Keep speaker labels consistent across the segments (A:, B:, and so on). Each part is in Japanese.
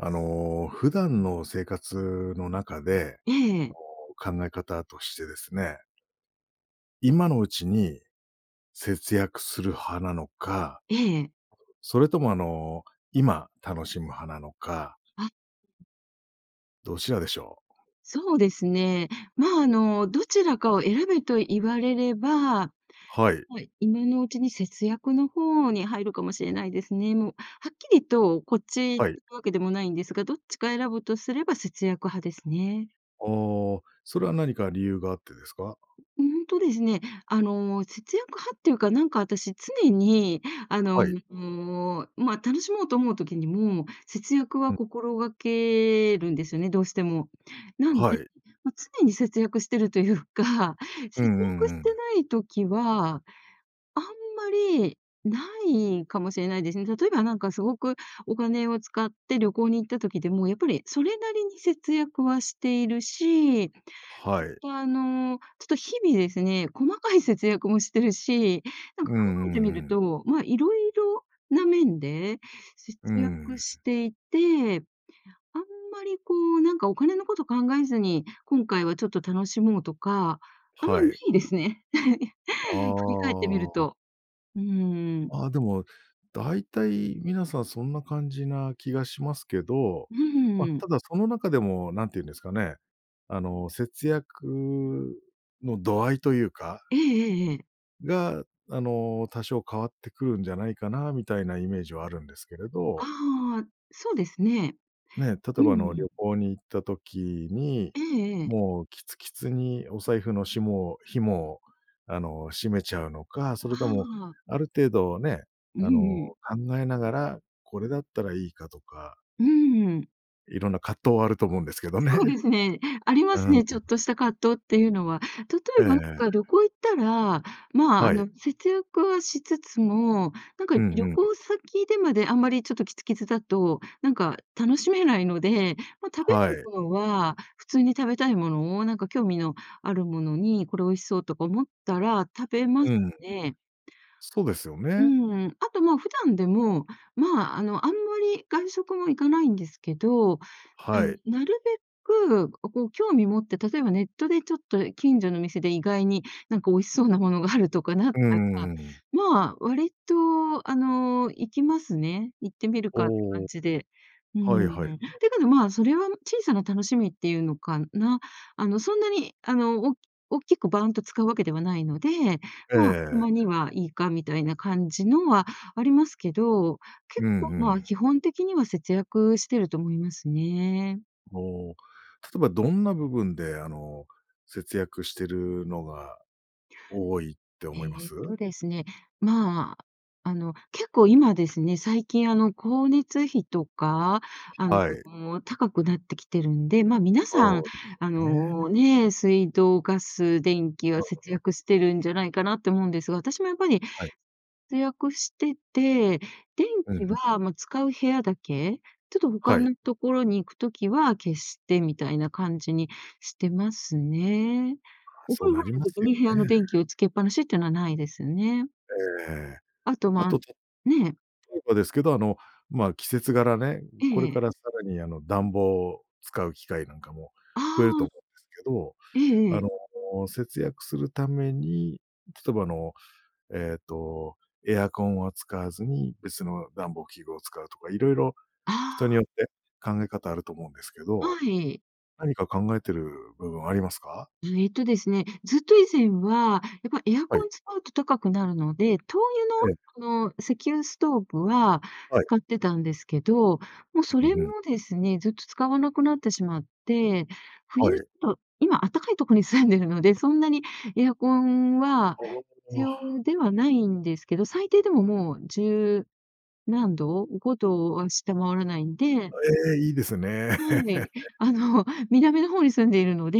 A: あの、普段の生活の中で、
B: ええ。
A: あの、考え方としてですね。今のうちに節約する派なのか
B: ええ。
A: それとも、あの、今楽しむ派なのか
B: あ。
A: どちらでしょう。
B: そうですね。ま、あの、どちらかを選べと言われれば、
A: はい。
B: はい、今のうちに節約の方に入るかもしれないですね。もう、はっきりとこっちって
A: はい。
B: わけでもないんですが、どっちか選ぶとすれば節約派ですね。
A: ああ、それは何か理由があってですか？
B: うんとですね、あの、節約派っていうか、なんか私、常に、あの、
A: はい。
B: ま、楽しもうと思う時にも、節約
A: う
B: は
A: ん。
B: 心掛けるんですよね、どうしても。なん
A: は
B: で、
A: い。
B: ま、常に節約していると言うか、
A: うん
B: 節
A: う
B: 約
A: んう
B: して
A: ん。
B: ない時は、あんまりないかもしれないですね。例えば、なんか凄くお金を使って旅行に行った時でも、やっぱりそれなりに節約はしているし、
A: はい。
B: ほんとあの、ちょっと日々ですね、細かい節約もしてるし、何
A: うん
B: か
A: う
B: 考えてみ
A: んう
B: る
A: ん。
B: と、ま、色々な面で節
A: う
B: 約
A: ん。
B: していて、あんまりこう、何かお金のこと考えずに、今回はちょっと楽しもうとか、あんま
A: は
B: 無
A: い。
B: いですね。
A: あ
B: 振り返ってみる
A: あ。
B: と。うーん。
A: ああ、でも、大体皆さんそんな感じな気がしますけど、
B: う
A: ま、
B: ん。
A: ただその中でも、何て言うんですかね、あの、節約の度合いというか。
B: ええええええ。
A: が、あの、多少変わってくるんじゃないかな、みたいなイメージはあるんですけれど。
B: ああ、そうですね。
A: ね、例
B: う
A: えばあの、旅
B: ん。
A: 行に行った時に、
B: ええええ。
A: もうキツキツにお財布のしも紐を、あの、閉めちゃうのか、それ
B: あ
A: とも、
B: あ。
A: ある程度ね、
B: うん
A: あの、
B: うん。
A: 考えながら、これだったらいいかとか
B: うん。
A: いろんな葛藤はあると思うんですけど
B: そうで
A: ね。
B: すね、ありま
A: うん
B: す
A: うん。
B: ね、ちょっとした葛藤っていうのは。例え
A: ええ
B: ば、あん
A: え
B: か
A: え。
B: 旅行行ったら、まあ、あ
A: はい。
B: の、節約はしつつも、なんか
A: うんう
B: 旅
A: んうん。
B: 行先でまであんまりちょっとキツキツだと、なんか楽しめないので、ま、食
A: あ、
B: べる
A: はい。
B: ものは、普通に食べたいものを、何か興味のあるものに、これ美味しそうとか思ったら、食べま
A: う
B: す
A: ん。
B: ね。
A: そうですよ
B: う
A: ね。
B: ん、あと、ま、普段でも、まあ、あの、あんまり外食も行かないんですけど、が
A: は
B: ん、
A: い。
B: なるべく、おこう興味持って、例えばネットでちょっと近所の店で、意外になんか美味しそうなものがあるとかなっ
A: う
B: たった、
A: ん、うーん。
B: まあ、割とあの、行きますね、行ってみるかって
A: おお。
B: 感じで。う
A: はい
B: ん。
A: はい。
B: だけど、ま、それはもう小さな楽しみっていうのかな。あの、そんなに、あの、おおっきくバーンと使うわけではないので、
A: ええ
B: ま、た
A: ええ。
B: まにはいいかみたいな感じのはありますけど、
A: う
B: 結
A: ん
B: 構、
A: う
B: ま、
A: ん。
B: 基本的には節約してると思いますね。
A: おお、例えばどんな部分で、あの、節約してるのが多いって思いま
B: えっ
A: す？
B: とですね、まあ、あの、結構今ですね、最近あの、光熱費とか、あ
A: はい。
B: の、高くなってきてるんで、まあ、皆さん、
A: そうで
B: あ
A: すね。
B: のね、水道、ガス、電気
A: う
B: は
A: ん、う
B: 節
A: うん。
B: 約してるんじゃないかなって思うんですが、私もやっぱり、
A: はい。
B: せ約してて、電
A: う
B: 気
A: ん、ふん。
B: はまあ、使う部屋だけ、ちょっと他
A: はい。
B: のところに行く時は、消してみたいな感じにしてますね。
A: ああ、
B: お
A: そ
B: 風
A: う
B: 呂入
A: なり
B: る
A: ま
B: 時
A: すよ
B: に部屋の
A: ね。
B: 電気をつけっぱなしっていうのはないですね。
A: ええ。
B: あと、
A: あ
B: ま
A: と
B: ん
A: 例
B: ね。
A: えばですけど、あの、まあ、季節柄ね、う
B: え
A: これ
B: ええ
A: か
B: え。
A: らさらにあの、暖房を使う機会なんかも、
B: あ
A: 増えると
B: あ。
A: 思うんですけど、
B: ええええええ。
A: あの、節約するために、例えばあの、えっと、エアコンは使わずに、別の暖房器具を使うとか、色々、
B: あ
A: 人に
B: あ。
A: よって考え方あると思うんですけど。
B: はい。
A: 何か考えてる部分ありますか？
B: うえっとですね、ずっと以前は、やっぱエア
A: はい。
B: コン使うと高くなるので、灯
A: ええ。
B: 油のあの、石油ストーブは
A: はい。
B: 買ってたんですけど、もうそ
A: うん、
B: れ
A: ふ
B: も
A: ん。
B: ですね、ずっと使わなくなってしまって、
A: は
B: 冬
A: い。
B: と今あったかいとこに住んでるので、そんなにエアコンは
A: あ
B: 必
A: あああ。
B: 要ではないんですけど、最低でももう十何度、5度は下回らないんで。
A: あ、ええ、いいです
B: うん、
A: ね。
B: とうめい、え、あの、南の方に住んでいるので、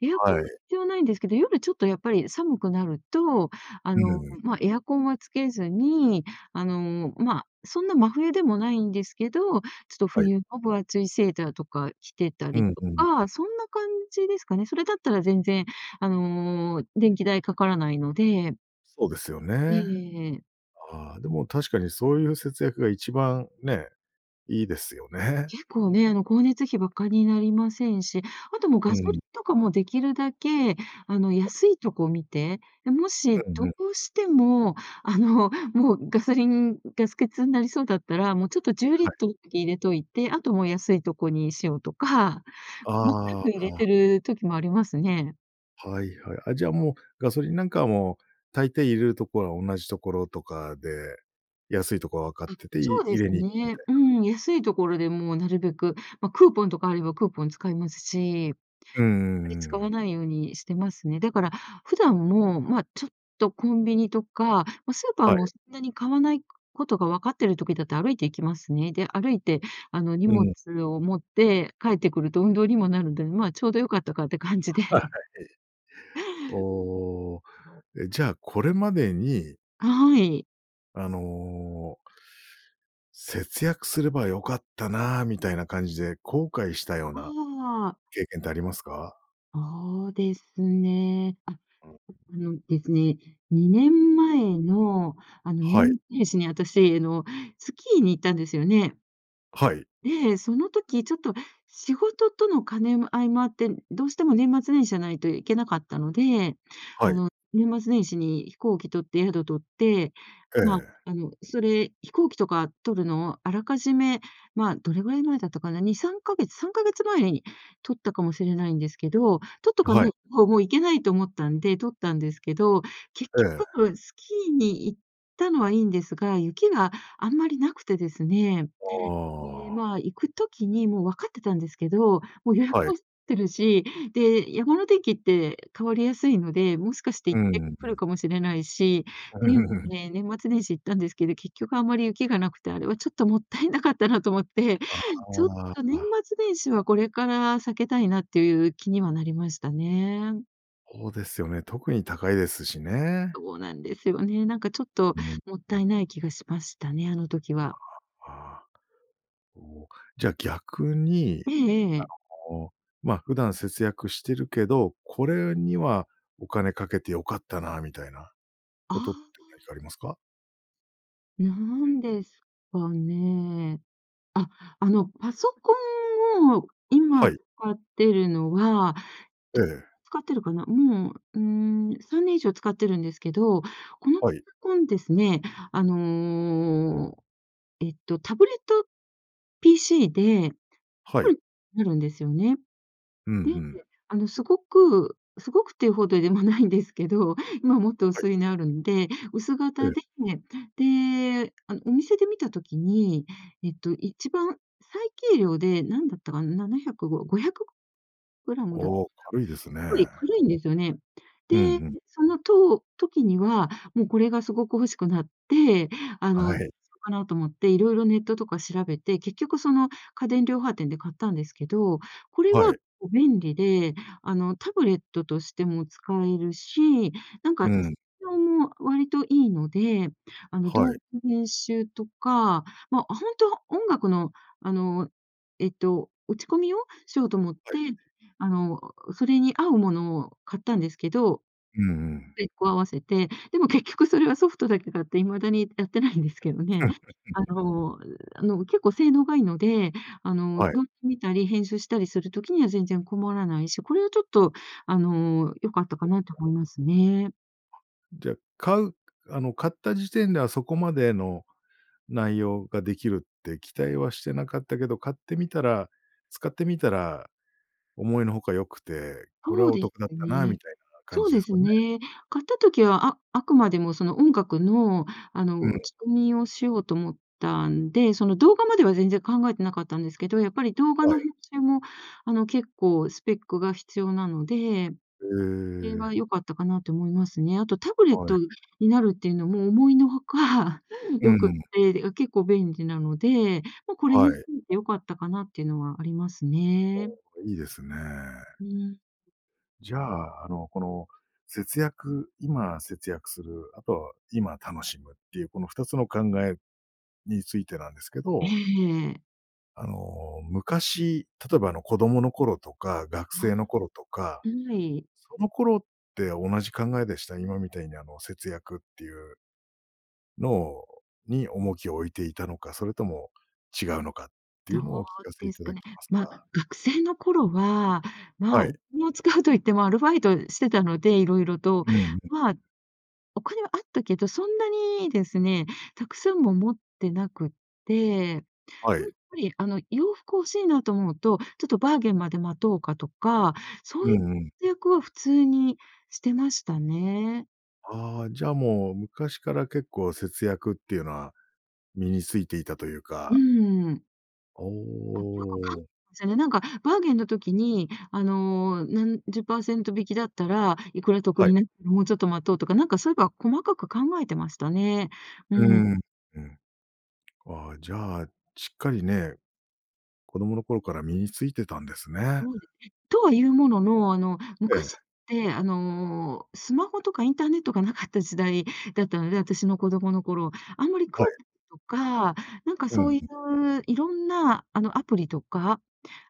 B: エアコ
A: は
B: ンは
A: い。
B: 必要ないんですけど、夜ちょっとやっぱり寒くなると、あ
A: う
B: の、
A: ん。
B: まあ、エアコンはつけずに、あの、まあ、そんな真冬でもないんですけど、ちょっと
A: はい。
B: 冬の分厚いセーターとか着てた
A: う
B: り
A: ん
B: と
A: うんうん。
B: か、そんな感じですかね。それだったら全然あの電気代かからないので。
A: そうですよ
B: えええ
A: ね。
B: えええ。
A: ああ、でも、確かに、そういう節約が一番、ね、いいですよね。
B: 結構ね、あの、光熱費、ばかになりませんし、あともう、
A: う
B: ガソリン
A: ん。
B: とかもできるだけ、あの、安いとこ見て、で、もし、
A: う
B: ど
A: んうん。
B: うしても、あの、もう、ガソリンガス欠になりそうだったら、もう、ちょっとじゅうリ
A: は
B: ッ
A: い。
B: トルだけ入れといて、あともう、安いとこにしようとか、細か
A: あ
B: く入れ
A: あ。
B: てる時もありますね。
A: はいはい、あ、じゃあ、もう、ガソリンなんか、もう、大抵入れるところは同じところとかで、安いとこは分かっ
B: あ、
A: てて、
B: そ
A: い
B: うで
A: 入
B: す
A: れに行くみ
B: ね。
A: たい
B: うー
A: な。
B: ん、安い所でもなるべく、まあ、クーポンとかあればクーポン使いますし、あ
A: うんうんう
B: んまり使
A: ん。
B: わないようにしてますね。だから、普段も、まあ、ちょっとコンビニとか、ま、スーパー
A: はい。
B: も、そんなに買わないことが分かってる時だと、歩いて行きますね。で、歩いて、あの、荷
A: う
B: 物
A: ん。
B: を持って帰ってくると運動にもなるんで、まあ、ちょうど良かったかって感じで。
A: はい。おお、え、じゃあこれまでに
B: はい。
A: あの。節約すれば良かったなみたいな感じで、後悔したよ
B: あ
A: うな
B: あ。
A: 経験ってありますか？
B: そうですね。あ
A: うん。
B: のですね、2年前のあの
A: はい。
B: 年末ですね、私あの、スキーに行ったんですよね。
A: はい。
B: で、その時ちょっと仕事との兼ね合いもあって、どうしても年末年始じゃないといけなかったので、
A: は
B: あ
A: い。
B: の、年末年始に飛行機取って、宿取って、
A: え
B: まあ、
A: え。
B: あの、それ、飛行機とか取るのをあらかじめまあ、どれぐらい前だったかな、2、3か月、3か月前に取ったかもしれないんですけど、取っとか
A: は
B: な
A: い。
B: いともういけないと思ったんで、取ったんですけど、結
A: ええ。
B: 局スキーに行ったのはいいんですが、雪があんまり無くてですね。
A: あ
B: で、
A: あ。
B: まあ、行く時にもう分かってたんですけど、もう予約
A: はい。
B: もしてるし、で、山の天気って変わりやすいので、もしかして
A: う
B: 行って降る
A: ん。
B: かもしれないし、
A: う、
B: で、
A: うん。
B: ええ、年末年始行ったんですけど、結局あまり雪が無くて、あれはちょっと勿体無かったなと思って、
A: あ
B: ちょっと年
A: あ。
B: 末年始はこれから避けたいなっていう気にはなりましたね。
A: そうですよね。特に高いですしね。
B: そうなんですよね。なんかちょっと
A: うん。
B: もったいない気がしましたね、あの時
A: あ
B: は。
A: あああ。おお、じゃあ逆に、
B: ええええ。
A: あの、まあ、普段節約してるけど、これにはお金かけて良かったなみたいな、
B: あ
A: ことって
B: あ。
A: 何かありますか？
B: 何ですかね。あ、あの、パソコンを今
A: はい。
B: 使ってるのは、
A: ええ。
B: 使ってるかな。うん。うーん、3年以上使ってるんですけど、このパ
A: はい。
B: ソコンですね、あの、えっと、タブレット PC で、
A: はい。
B: なるんですよね。
A: うん、
B: で、
A: ふん。
B: あの、すごくすごくっていうほどでもないんですけど、今もっと
A: はい。
B: 薄いのあるんで、薄
A: え
B: 型
A: え。
B: で、で、あの、お店で見た時に、えっと、一番最軽量で、何だったかな、705、500グラムだか
A: おお、軽いですね。
B: な。これ、軽いんですよね。
A: うんう
B: で、
A: ん。
B: そのとう時には、もうこれが凄く欲しくなって、あ
A: は
B: の、
A: い。
B: そかなと思って、色々ネットとか調べて、結局その家電量販店で買ったんですけど、これ
A: は
B: は、
A: い。
B: も、便利で、あの、タブレットとしても使えるし、なん
A: う
B: か、性
A: ん。
B: 能も割と良いので、あの、
A: は
B: 動
A: い。
B: 画編集とか、まあ、本当は音楽のあの、えっと、打ち込みをしようと思っ
A: は
B: て、
A: い。
B: あの、それに合うものを買ったんですけど。
A: うんうん。
B: スペックを合わせて、でも結局それはソフトだけ買って未だにやってないんですけどね。あ の、うあの、結構性能が良いので、あの、
A: はい。
B: 動画見たり編集したりする時には全然困らないし、これはちょっとあの、良かったかなと思 いますね。
A: で、買うあの、買った時点ではそこまでの内容ができるって期待はしてなかったけど、買ってみたら使ってみたら、思いのほか良くて、これ
B: そう
A: はお
B: です
A: 得だったなみ
B: ね
A: たいな感
B: そう
A: じ
B: で
A: です
B: す
A: かね。
B: ね。買った時は、ああくまでもその音楽のあ
A: う
B: の、
A: ん。
B: 打ち込みをしようと思ったんで、その動画までは全然考えてなかったんですけど、やっぱり動画
A: は
B: の
A: い。
B: 編集も、あの、結構スペックが必要なので。
A: え
B: それ
A: え。
B: は良かったかなって思いますね、あとタブレッ
A: は
B: ト
A: い。
B: になるっていうのも思いのほか、
A: う
B: 良
A: ん
B: く
A: う
B: っ
A: ん。
B: て、あ、結構便利なので。ま、これにつ
A: はい。
B: いて良かったかなっていうのはありますね。
A: いいですね。
B: うん。
A: じゃあ、あの、この節約今節約する、あとは、今楽しむっていう、この2つの考えについてなんですけ
B: え
A: ど。
B: え。
A: あの、昔、例えばあの、子供の頃とか、学
B: は
A: 生の頃とか。
B: あ。はい。
A: その頃って同じ考えでした、今みたいにあの、節約っていうのをに重きを置いていたのか、それとも違うのかってい
B: ど
A: うのを
B: う
A: お聞かせい
B: です
A: た
B: か
A: だけ
B: ね。
A: ます
B: まあ、
A: か。
B: 学生の頃は、ま
A: は
B: あ、
A: い。
B: お金を使うと言ってもアルバイトしてたので、いろいろと、
A: うんうん。
B: まあ。お金はあったけど、そんなにですね、たくさんも持ってなくって、で
A: は
B: も、
A: い。
B: やっぱりあの、洋服欲しいなと思うと、ちょっとバーゲンまで待とうかとか、そう
A: う
B: い
A: んうん。
B: 節約は普通にしてましたね。
A: ああ、じゃもう、昔から結構節約っていうのは、身についていたという
B: う
A: か。
B: ーん。
A: おお
B: あ、よくかん
A: おお。
B: ぜね、なんかバーゲンの時にあの、何10パーセント引きだったら、いくら得
A: はい。
B: になって、もうちょっと待とうとか、なんかそういえば細かく考えてましたね。う
A: うー
B: ん。
A: ん、うん。ああ、じゃ、しっかりね。子供の頃から身についてたんですね。
B: ん、とは言うものの、あの
A: ええ。
B: 昔ってあの、スマホとかインターネットが無かった時代だったので、私の子供の頃、あんまりク
A: はい。
B: ーポンとか、なんか
A: う
B: そ
A: ん。
B: ういう色んなあのアプリとか、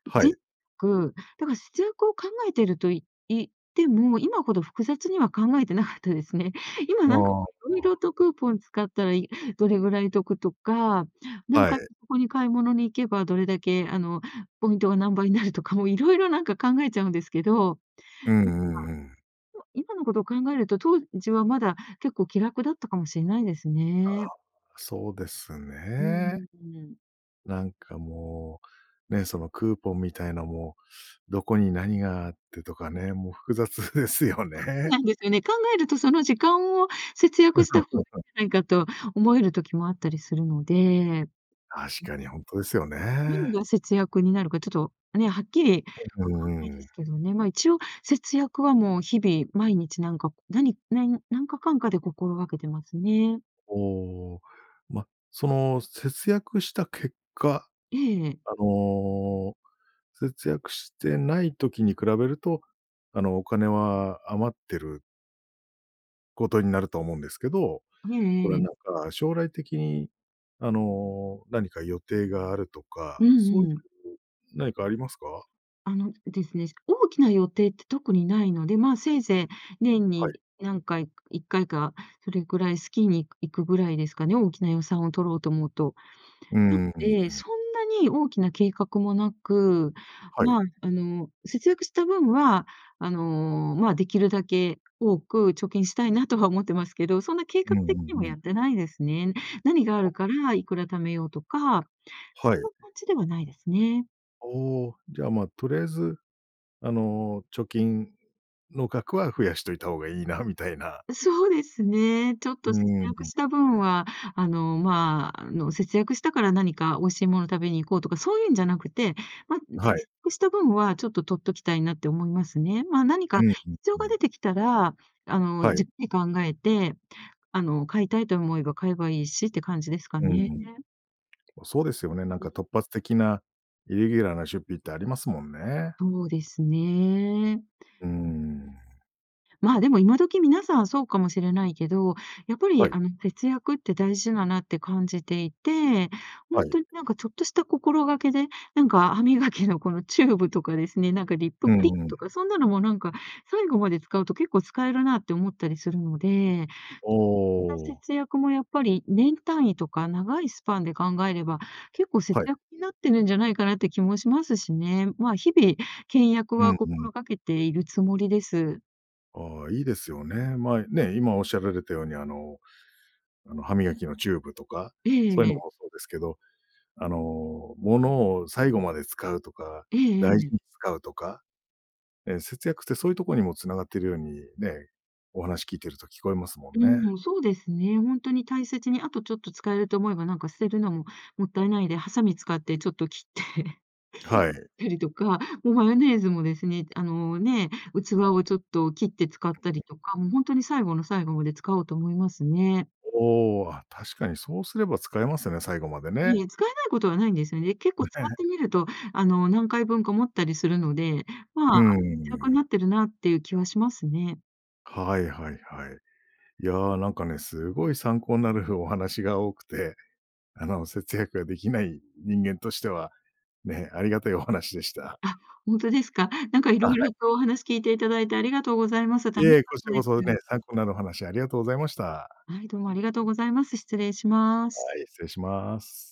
A: は
B: ぜん
A: い。
B: く、だから、普通こう考えていると言っても、今ほど複雑には考えてなかったですね。今
A: ああ、
B: なんか、
A: ま
B: 色々
A: あ。
B: とクーポン使ったら、いどれぐらい得とか、なん
A: はい。
B: かここに買い物に行けば、どれだけ、あの、ポイントが何倍になるとか、もう色々なんか考えちゃうんですけど。
A: うんうんうん。
B: もか今のことを考えると、当時はまだ結構、気楽だったかもしんないです
A: あ
B: ねえ。
A: あ、そうです
B: うー
A: ねえ。
B: ん。
A: なんかもう、ね、そのクーポンみたいなも、どこに何があってとかね、もう複雑ですよ
B: そう
A: ね。
B: なんですよね。考えると、その時間を節約した方がいい じゃないかと思える時もあったりするので。んで。
A: 確かに、ほんとですよね
B: 何
A: え。
B: が節約になるか、ちょっとね、はっきり分
A: お、ふ
B: かんないで
A: ん。
B: すけどね。まあ一応節約はもう日々毎日なんか、何何何かかんかで心がけてますね。
A: おお、ま、その節約した結果、
B: ええ。
A: あの、節約してない時に比べると、あの、お金は余ってることになると思うんですけど。
B: へ
A: これ
B: え、え
A: は
B: え。
A: なんか、将来的に、あの、何か予定があると
B: う
A: か、そ
B: ん
A: ういう
B: うん。
A: 何かありますか？
B: あのですね。大きな予定って特にないので、まあ、せいぜい年
A: はい。
B: に何回、1回か、それぐらいスキーに行く行くぐらいですかね、大きな予算を取ろうと思うと。
A: うー
B: なの
A: ん。うんう
B: で、
A: ん。
B: そんなに大きな計画もなく、
A: はい。
B: まあ、あの、節約した分は、あの、まあ、できるだけ多く貯金したいなとは思ってますけど、そんな計
A: うん
B: 画
A: う
B: 的には
A: んう
B: や
A: ん。
B: ってないですね。何がある
A: あ。
B: から、いくら貯めようとか、
A: は
B: そん
A: い。
B: な感じではないですね。
A: おお。じゃあ、ま、とりあえず、あの、貯金の額は増やしといた方がいいなみたいな。
B: そうですね。ちょっ
A: う
B: と
A: ー
B: 節
A: ん、う
B: 約
A: ん。
B: した分は、あの、まあ、あの、節約したから何か美味しいもの食べに行こうとか、そういうんじゃなくて。ま、うち
A: は
B: の
A: い。
B: せ-せした分はちょっと取っときたいなって思いますね。ま、何
A: う
B: か
A: ん
B: 必要
A: うん
B: が
A: う
B: 出
A: ん。
B: てきたら、あの、
A: はい。
B: じっくり考えて、あの、買いたいと思えば買えばいいしって感じですか
A: う
B: ね。
A: ん。そうですよね、なんか突発的なイレギュラーな出費ってありますもんね。
B: そうですね。
A: うーん。
B: まあ、でも、今時皆さんはそうかもしれないけど、やっぱり
A: はい。
B: あの、節約って大事だなって感じていて。ほ
A: は
B: んと
A: い。
B: になんかちょっとした心がけで、なんか歯磨きのこのチューブとかですね、なんかリップ
A: う
B: クリ
A: んうん。
B: とか、そんなのもなんか、最後まで使うと結構使えるなって思ったりするので。
A: お
B: そんな
A: お。
B: 節約もやっぱり、年単位とか長いスパンで考えれば、結構節
A: はい。
B: 約になってるんじゃないかなって気もしますしね。まあ、日々倹約
A: う
B: は
A: んうん。
B: 心掛けているつもりです。
A: ああ、いいですよね。ま、いね、今おっしゃられたようにあの、あの歯磨きのチューブとか、
B: ええ
A: そうい
B: え
A: うの
B: え。
A: もそうですけど、あの、物を最後まで使うとか、
B: えええ
A: 大
B: えええ。
A: 事に使うとか、ええ、節約ってそういうとこにも繋がっているように、ね、お話聞いてると聞こえますもんね。
B: うん、そうですね、本当に大切にあとちょっと使えると思えば、何か捨てるのも勿体無いで、ハサミ使ってちょっと切ってっ
A: はい。
B: たりとか、もうマヨネーズもですね、と、あの、ね、器をちょっと切って使ったりとか、もう本当に最後の最後まで使おうと思いますね。
A: おお、あ、確かにそうすれば使えますよね、最後まで
B: い
A: ね。
B: え、使えないことはないんですよね。結構使っ
A: ね。
B: てみると、あの、何回分か持ったりするので、
A: う
B: まあ、節
A: ー
B: 約に
A: ん。
B: なってるなっていう気はしますね。
A: はいはいはい。いや、なんかね、すごい参考んなるふお話が多くて、あの、節約ができない人間としては、ね、ありがたいお話でした。
B: あ、本当ですか。なんかい
A: あ、
B: ろ
A: は
B: い
A: い。
B: ろとお話聞いていただいてありがとうございます。
A: いい
B: 楽し
A: え、
B: か
A: こ
B: っ
A: ち
B: た
A: らこ
B: で
A: そね、
B: す。
A: 参考になるお話ありがとうございました。
B: はい、どうもありがとうございます。失礼します。
A: はい、失礼します。